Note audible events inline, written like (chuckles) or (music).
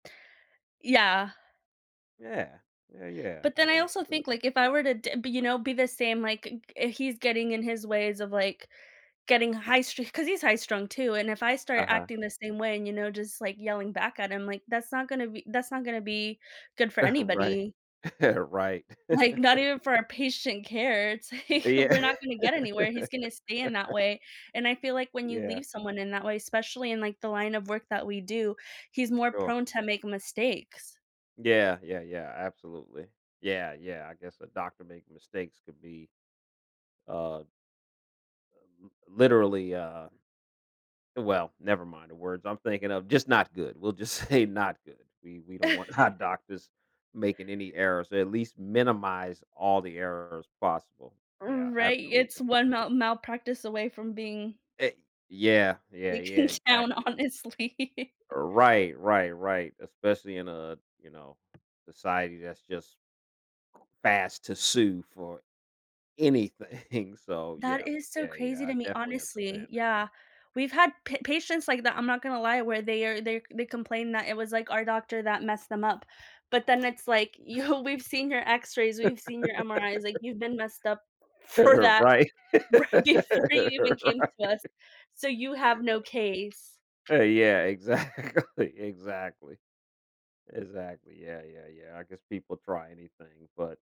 Yeah. Yeah. Yeah, yeah. But then I Yeah. also Absolute think, like, if I were to d be, you know, be the same, like, g he's getting in his ways of, like, getting high street 'cause he's high strung too, and if I start Uh-huh. acting the same way and, you know, just, like, yelling back at him, like, that's not gonna be that's not gonna be good for (chuckles) Right. anybody. (chuckles) Right. Like, not (chuckles) even for our patient care. It's like Yeah. we're not gonna get anywhere. He's gonna stay in that (laughs) way. And I feel like when you Yeah. leave someone in that way, especially in like the line of work that we do, he's more Sure. prone to make mistakes. Yeah, yeah, yeah absolutely. Yeah, yeah I guess a doctor making mistakes could be, um um, literally, uh well never mind the words I'm thinking of just not good. We'll just say not good. We we don't want, our (chuckles) doctors making any errors. At least minimize all the errors possible. R Yeah right. It's absolutely. one mal malpractice away from being E yeah, yeah, taken yeah, down, exactly. honestly. Right, right, right especially in a, you know, society that's just fast to sue for anything so That yeah, is so yeah, yeah, crazy I to me, definitely understand honestly. it. Yeah. We've had pa patients like that. I'm not gonna lie where they are they they complain that it was, like, our doctor that messed them up. But then it's like, (chuckles) You "We've seen your X-rays, we've seen your MRIs, like, (laughs) you've been messed up for that Right. right before you even came Right. to us. So you have no Uh. case." Eh, yeah. Exactly, exactly. Exactly. Yeah, yeah, yeah. I guess people try anything. But